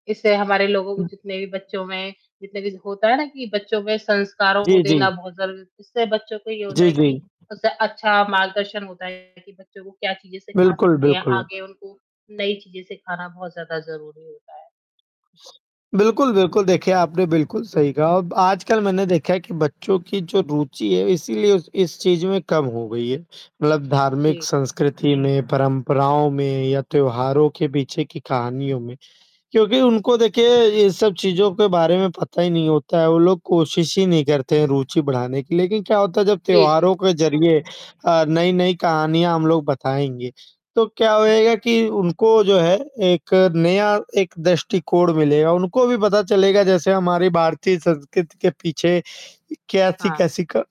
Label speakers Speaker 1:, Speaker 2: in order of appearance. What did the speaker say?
Speaker 1: इससे हमारे लोगों को
Speaker 2: हुँ।
Speaker 1: जितने भी बच्चों में जितने भी होता है ना कि बच्चों में संस्कारों को
Speaker 2: जी,
Speaker 1: देना
Speaker 2: जी।
Speaker 1: बहुत ज़रूरी है। इससे बच्चों को ये होता
Speaker 2: जी,
Speaker 1: है
Speaker 2: जी।
Speaker 1: कि उससे अच्छा मार्गदर्शन होता है कि बच्चों को क्या चीज़ें सिखा
Speaker 2: बिल्कुल,
Speaker 1: सकते हैं,
Speaker 2: बिल्कुल।
Speaker 1: आगे उनको नई चीज़ें सिखाना बहुत ज़्यादा ज़रूरी होता है।
Speaker 2: बिल्कुल, बिल्कुल, देखिए आपने बिल्कुल सही कहा, अब आजकल मैंने देखा है कि बच्चों की जो रुचि है इसीलिए उस इस चीज़ में कम हो गई है, मतलब धार्मिक
Speaker 1: जी।
Speaker 2: संस्कृति में, परंपराओं में या त्योहारों के पीछे की कहानियों में,
Speaker 1: हुँ,
Speaker 2: क्योंकि
Speaker 1: जी।
Speaker 2: उनको देखिए ये सब चीज़ों के बारे में पता ही नहीं होता है। वो लोग कोशिश ही नहीं करते हैं रूचि बढ़ाने की लेकिन क्या होता है जब
Speaker 1: जी, जी।
Speaker 2: त्योहारों के ज़रिए अ, नई-नई कहानियाँ हम लोग बताएँगे, तो क्या होएगा
Speaker 1: बिल्कुल।
Speaker 2: कि उनको जो है एक नया एक दृष्टिकोण मिलेगा, उनको भी पता चलेगा जैसे हमारी भारतीय संस्कृति के पीछे
Speaker 1: हाँ।
Speaker 2: कैसी-कैसी क